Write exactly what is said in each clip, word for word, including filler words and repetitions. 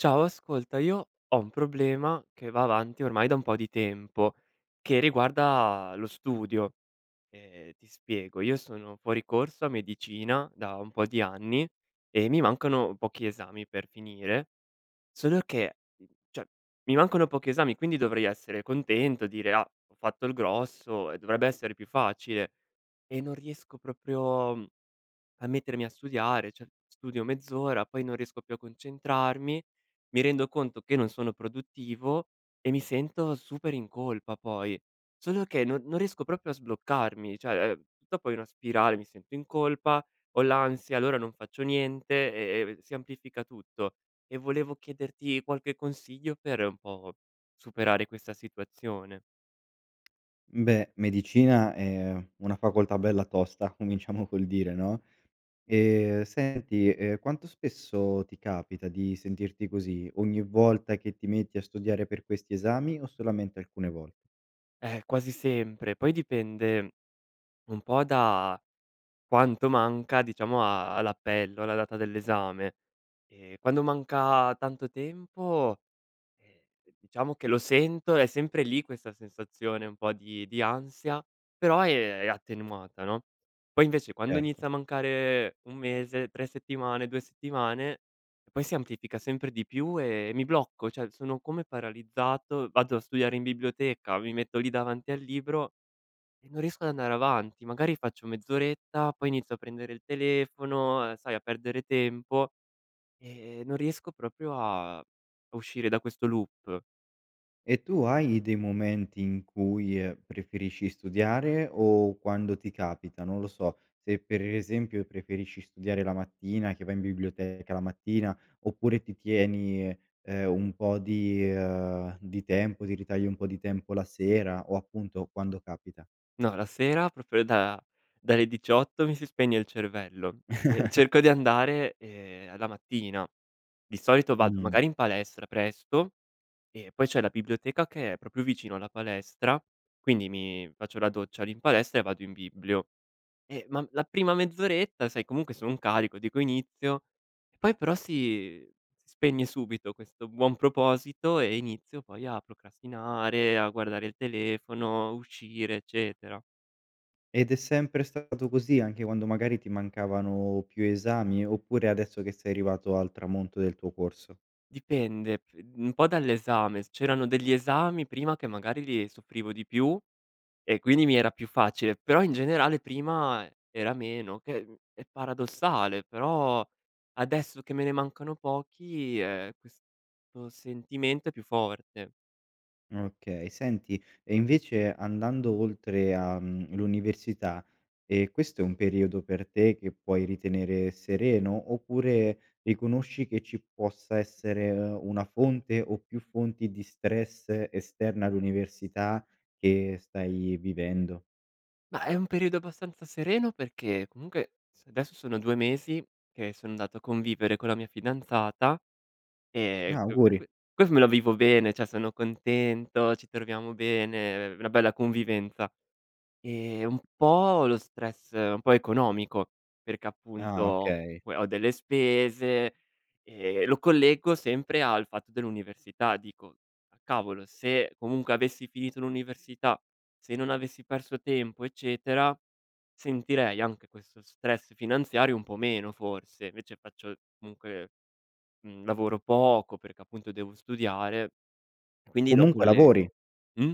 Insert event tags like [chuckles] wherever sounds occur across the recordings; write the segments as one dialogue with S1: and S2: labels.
S1: Ciao, ascolta, io ho un problema che va avanti ormai da un po' di tempo, che riguarda lo studio. Ehm, ti spiego, io sono fuori corso a medicina da un po' di anni e mi mancano pochi esami per finire. Solo che, ceh, mi mancano pochi esami, quindi dovrei essere contento, dire: "Ah! Ho fatto il grosso e dovrebbe essere più facile." E non riesco proprio, mhmm, a mettermi a studiare, cioè studio mezz'ora poi non riesco più a concentrarmi, mi rendo conto che non sono produttivo e mi sento super in colpa poi. Solo che no non riesco proprio a sbloccarmi. Cioè, uhm, dopo è una spirale, mi sento in colpa, ho l'ansia, allora non faccio niente e e v si amplifica tutto. E volevo chiederti qualche consiglio per, un po', superare questa situazione.
S2: M beh, medicina è una facoltà bella tosta. Cominciamo col dire, no? Ehm, senti, ehm, quanto spesso ti capita di sentirti così? Ogni volta che ti metti a studiare per questi esami o solamente alcune vol
S1: Eh, quasi sempre. Poi dipende un po' da quanto manca, diciamo, a all'appello, alla data dell'esame. Ehm, quando manca tanto tempo, ehm, diciamo che lo sento, è sempre lì questa sensazione un po' di di ansia, però, ehm, è attenuata no. Poi invece quando
S2: Certo.
S1: inizia a mancare un mese, tre settimane, due settimane, poi si amplifica sempre di più e mi blocco, ceh sono come paralizzato, vado a studiare in biblioteca, mi metto lì davanti al libro e non riesco ad andare avanti. Magari faccio mezz'oretta, poi inizio a prendere il telefono, uhm, sai a perdere tempo e e non riesco propio a a uscire da questo loop.
S2: E tu hai dei momenti in cui, ehm, preferisci studiare o quando ti capita? Non lo so, se per esempio preferisci studiare la mattina, che vai in biblioteca la mattina, oppure ti tieni, ehm, un po' di, ehm di tempo, ti ritagli un po' di tempo la sera o appunto quando capita?
S1: No, la sera propio da dalle diciotto mi si spegne il cervello e
S2: [chuckles]
S1: cerco di andare, ehm, la mattina. Di solito vado
S2: Mh-mh.
S1: magari in palestra presto e poi c'è la biblioteca che è propio vicino alla palestra. Quindi mi faccio la doccia lì in palestra e vado in biblio. Eh, ma la prima mezz'oretta, sai comunque sono un carico dico: "Inizio"; poi però si spegne subito questo buon proposito e inizio poi a procrastinare, a guardare il telefono, uscire, eccetera.
S2: Ed è sempre stato così anche quando magari ti mancavano più esami, oppure adesso che sei arrivato al tramonto del tuo corso?
S1: Dipende p un po' dall'esame: c'erano degli esami prima che magari li soffrivo di più e quindi mi era più facile. Però in generale prima e era meno che è mhmm, è paradossale; però, adesso che me ne mancano pochi, ehm, questo sentimento è più forte.
S2: Okay. Senti e invece andando oltre a, mhmm, l'università, ehm, questo è un periodo per te che puoi ritenere sereno, oppure riconosci che ci possa essere una fonte o più fonti di stress esterna all'università che stai vivendo?
S1: Mah, è un periodo abbastanza sereno perché comunque s desso sono due mesi che son andato a convivere con la mia fidanzata e
S2: Ah,
S1: per q que que
S2: auguri.
S1: questo me lo vivo bene, ceh sono contento, ci troviamo bene, ehm, una bella convivenza. Ehm, un po' lo stress un po' economico, perché appunto
S2: Ah,
S1: ho
S2: okay.
S1: que ho delle spese e lo collego sempre al fatto dell'università; dico: "Ah, cavolo se comunque avessi finito l'università, se non avessi perso tempo eccetera, sentirei anche questo stress finanziario un po' meno, forse". Invece faccio comunque mhmm, lavoro poco perché appunto devo studiare. Quindi lo
S2: Comunque lavori?
S1: collego. Mh?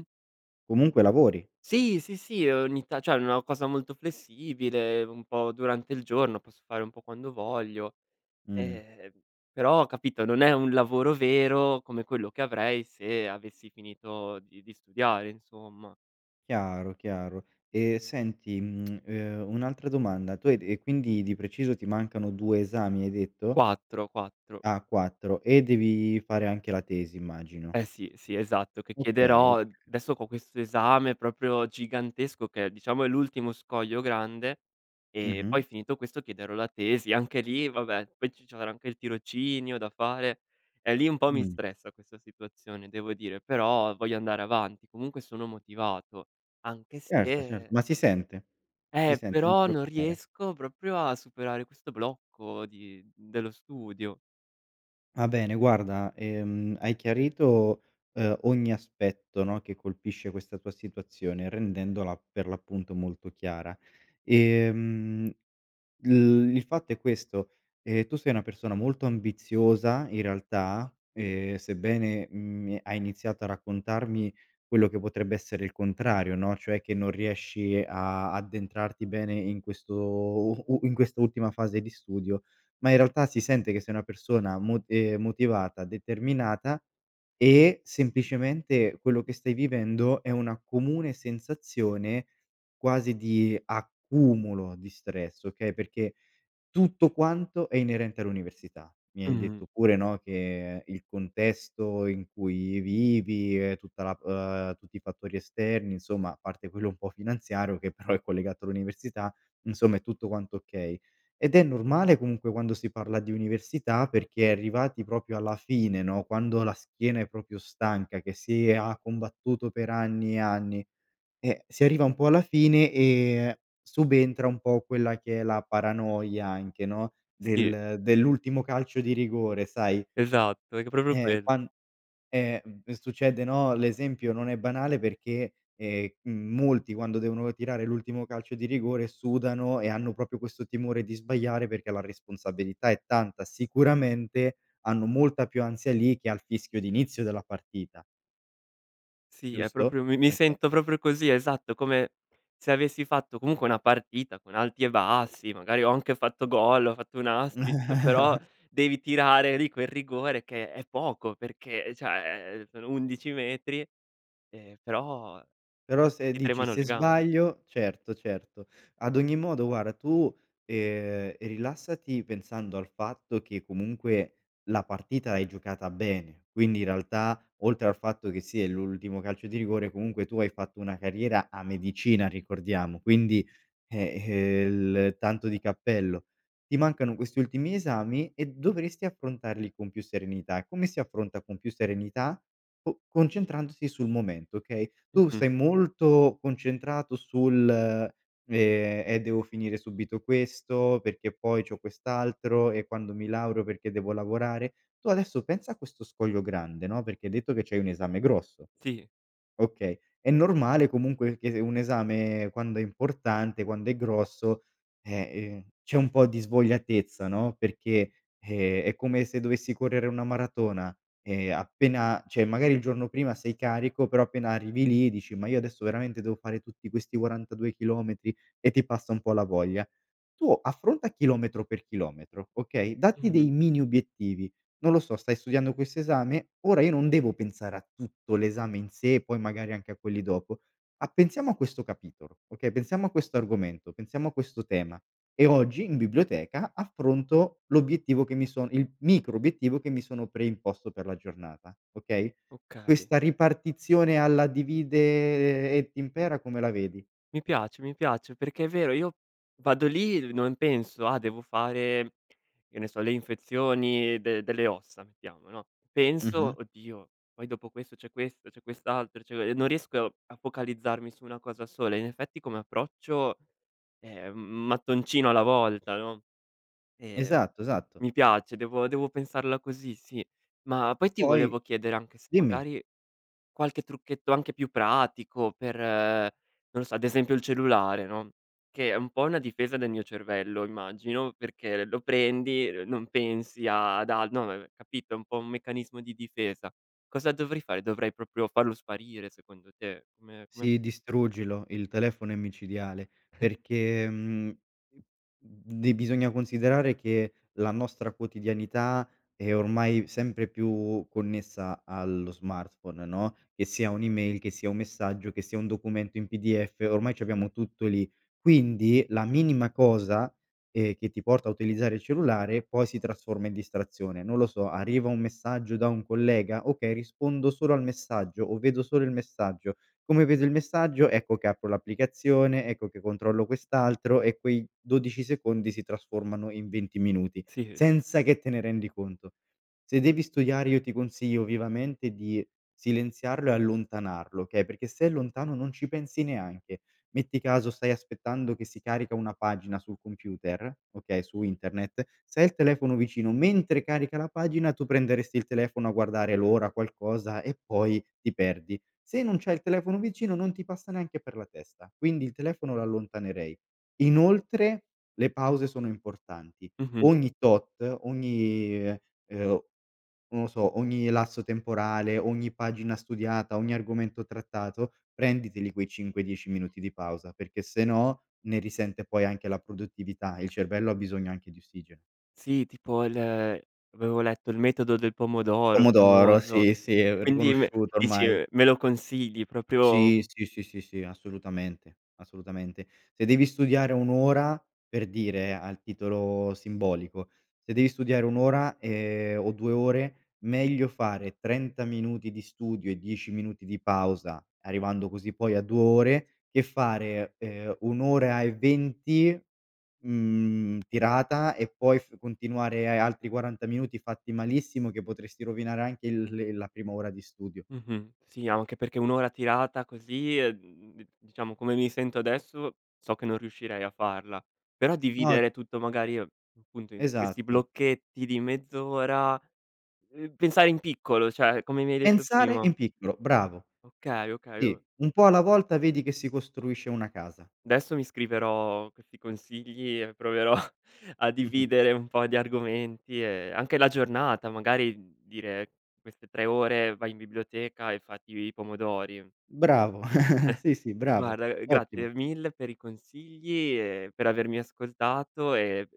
S2: Comunque lavori?
S1: Sì, sì, sì, ogni ta ceh, una cosa molto flessibile, un po' durante il giorno, posso fare un po' quando voglio,
S2: Mh.
S1: ehm, però capito, non è un lavoro vero come quello che avrei se avessi finito di di studiare, insomma.
S2: Chiaro, chiaro e senti, mhmm, ehm, un'altra domanda. Tu hai d e quindi di preciso ti mancano due esami hai detto?
S1: quattro quattro.
S2: Ah, quattro, e devi fare anche la tesi immagino.
S1: Eh, sì, sì esatto che
S2: Okay,
S1: chiederò
S2: ok
S1: desso co questo esame proprio gigantesco che, diciamo, è l'ultimo scoglio grande e
S2: Mh-mh.
S1: poi finito questo chiederò la tesi. Anche lì vabbè, poi c c'avrò anche il tirocinio da fare. Eh, lì un po' mi
S2: Mh.
S1: stressa questa situazione devo dire, però voglio andare avanti. Comunque sono motivato anche
S2: Certo, certo.
S1: se
S2: Ma si sente, si
S1: Eh,
S2: sente, non ti
S1: però non
S2: preoccupare.
S1: riesco proprio a superare questo blocco di dello studio.
S2: Va bene, guarda, ehm, hai chiarito, uhm, ogni aspetto, no, che colpisce questa tua situazione, rendendola per l'appunto molto chiara. Ehm, l il fatto è questo: ehm, tu sei una persona molto ambiziosa, in realtà, ehm, sebbene, mhmm, Mi è hai iniziato a raccontarmi quello che potrebbe essere il contrario, no, cioè che non riesci a addentrarti bene in questo u u in quest'ultima fase di studio, ma in realtà si sente che sei una persona mot ehm, motivata, determinata e semplicemente quello che stai vivendo è una comune sensazione quasi di accumulo di stress, okay, perché tutto quanto è inerente all'università. Mi hai
S1: Mh-mh.
S2: detto pure, no, che il contesto in cui vivi, ehm, tutta la uhm, tutti i fattori esterni insomma, a parte quello un po' finanziario, che però è collegato all'università, insomma è tutto quanto okay, ed è normale comunque quando si parla di università perché arrivati propio alla fine no, quando la schiena è propio stanca che si e ha combattuto per anni e anni. Eh, si arriva un po' alla fine e subentra un po' quella che è la paranoia anche, no,
S1: Sì.
S2: del dell'ultimo calcio di rigore, sai
S1: Esatto e c propio
S2: eh,
S1: quello.
S2: quan eh, mhmm, succede no, l'esempio non è banale perché, ehm, m molti quando devono tirare l'ultimo calcio di rigore, sudano e hanno propio questo timore di sbagliare perché la responsabilità è tanta, sicuramente hanno molta più ansia lì che al fischio di inizio della partita
S1: Sì è
S2: giusto?
S1: proprio mi mi
S2: Oka
S1: sento proprio così esatto, come se avessi fatto comunque una partita, con alti e bassi, magari ho anche fatto gol, ho fatto un assist, però
S2: [chuckles]
S1: devi tirare lì quel rigore che è poco perché, ehm, ceh, sono undici metri, ehm, però
S2: Però se
S1: ti
S2: dici:
S1: tremano le
S2: "Se
S1: gambe.
S2: sbaglio" certo, certo. Ad ogni modo guarda tu, ehm, rilassati pensando al fatto che comunque la partita l'hai giocata bene, quindi in realtà, oltre al fatto che sì, è l'ultimo calcio di rigore comunque tu hai fatto una carriera a medicina ricordiamo, quindi, eh, ehm, il tanto di cappello. Ti mancano questi ultimi esami e dovresti affrontarli con più serenità. Come si affronta con più serenità? Co concentrandosi sul momento, okay, tu
S1: Mh-mh.
S2: sei molto concentrato sul, ehm: "Eh, devo finire subito questo, perché poi c'ho quest'altro e quando mi laureo perché devo lavorare." Tu adesso pensa a questo scoglio grande no, perché detto che c'hai un esame grosso.
S1: Sì.
S2: Okay, è normale comunque che se un esame quando è importante, quando è grosso, eh, ehm, c'è un po' di svogliatezza no, perché, ehm, è come se dovessi correre una maratona e appena ceh, magari il giorno prima sei carico però appena arrivi lì dici: "Ma io adesso veramente devo fare tutti questi quarantadue chilometri?" E ti passa un po' la voglia. Tu affronta a chilometro per chilometro, okay, datti
S1: Mh-mh.
S2: dei mini obiettivi. Non lo so, stai studiando questo esame? Ora io non devo pensare a tutto l'esame in sé e poi magari anche a quelli dopo. A pensiamo a questo capitolo, okay, pensiamo a questo argomento, pensiamo a questo tema e oggi in biblioteca affronto l'obiettivo che mi son il micro obiettivo che mi sono preimposto per la giornata. Okay?
S1: Okay.
S2: Questa ripartizione alla divide et impera come la vedi?
S1: Mi piace, mi piace. Perché è vero, io vado lì e non penso: "Ah, devo fare" che ne so "le infezioni de delle ossa." Mettiamo, no,
S2: Mh-mh.
S1: penso: "Oddio, poi dopo questo c'è questo, c'è quest'altro" [unintelligible] E non riesco a focalizzarmi su una cosa sola. In effetti come approccio, ehm, m mattoncino alla volta, no, ehm,
S2: Esatto, esatto.
S1: mi piace devo devo pensarla così sì. Ma poi ti
S2: Poi
S1: volevo chiedere anche se
S2: dimmi.
S1: magari qualche trucchetto anche più pratico per, non lo so ad esempio il cellulare no, che è un po' una difesa del mio cervello immagino perché l lo prendi, n non pensi ad al no, ne ne capito, un po' un meccanismo di difesa. Cosa dovrei fare? Dovrei proprio farlo sparire, secondo te? Come come
S2: Si distruggilo, il telefono è micidiale
S1: [chuckles]
S2: perché, mhmm, mhmm, di bisogna considerare che la nostra quotidianità è ormai sempre più connessa allo smartphone no, che sia un'email, che sia un messaggio, che sia un documento in PDF. Ormai c'abbiamo tutto lì. Quindi la minima cosa, ehm, che ti porta a utilizzare il cellulare poi si trasforma in distrazione. Non lo so, arriva un messaggio da un collega? "Okay, rispondo solo al messaggio." O: "Vedo solo il messaggio." Come vedo il messaggio ecco che apro l'applicazione, ecco che controllo quest'altro e quei dodici secondi si trasformano in venti minuti,
S1: Sì, ehm
S2: senza che te ne rendi conto. Se devi studiare io ti consiglio vivamente di silenziarlo e allontanarlo, okay, perché se è lontano non ci pensi neanche, metti caso stai aspettando che si carica una pagina sul computer, okay, su internet, se hai il telefono vicino mentre carica la pagina tu prenderesti il telefono a guardare l'ora, qualcosa e poi ti perdi, se non c'hai il telefono vicino non ti passa neanche per la testa, quindi il telefono lo allontanerei. Inoltre le pause sono importanti.
S1: Mh-mh.
S2: Ogni tot, ogni uhm, uhm, non lo so, ogni lasso temporale, ogni pagina studiata, ogni argomento trattato, prenditeli quei cinque dieci minuti di pausa perché sennò ne risente poi anche la produttività e il cervello ha bisogno anche di ossigeno.
S1: Sì, tipo l uhm, avevo letto il metodo del pomodoro,
S2: Pomodoro,
S1: famoso,
S2: sì, sì, è
S1: quindi me
S2: riconosciuto
S1: dici
S2: ormai.
S1: uhm, me lo consigli
S2: Sì,
S1: proprio
S2: sì, sì, sì, sì, assolutamente, assolutamente. Se devi studiare un ora per dire al titolo simbolico, se devi studiare un ora, ehm, o due ore, meglio fare trenta minuti di studio e dieci minuti di pausa, arrivando così poi a due ore, che fare, ehm, un ora e venti, mhmm, tirata e poi f continuare e altri quaranta minuti fatti malissimo che potresti rovinare anche il le la prima ora di studio.
S1: Mh-mh, sì anche perché un ora tirata così, uhm, d diciamo come mi sento adesso, so che non riuscirei a farla, però
S2: No
S1: dividere tutto magari appunto in questi
S2: Esatto.
S1: blocchetti di mezz'ora. Uhm, pensare in piccolo, ceh come mi hai detto
S2: Pensare
S1: prima.
S2: in piccolo, bravo!
S1: Okay, okay,
S2: Sì,
S1: o
S2: un po' alla volta vedi che si costruisce una casa.
S1: desso mi scriverò questi consigli e proverò a
S2: [chuckles]
S1: dividere un po' di argomenti e anche la giornata. Magari dire: queste tre ore vai in biblioteca e fatti i pomodori.
S2: Bravo, [chuckles]
S1: [chuckles]
S2: sì, sì, bravo,
S1: Guarda, uhm,
S2: ottimo.
S1: grazie mille per i consigli e per avermi ascoltato e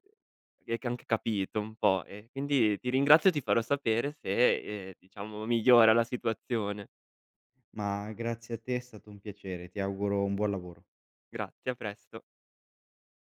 S1: e ch anche capito un po' e quindi ti ringrazio e ti farò sapere se, ehm, diciamo migliora la situazione.
S2: Ma grazie a te, è stato un piacere, ti auguro un buon lavoro.
S1: Grazie, a presto.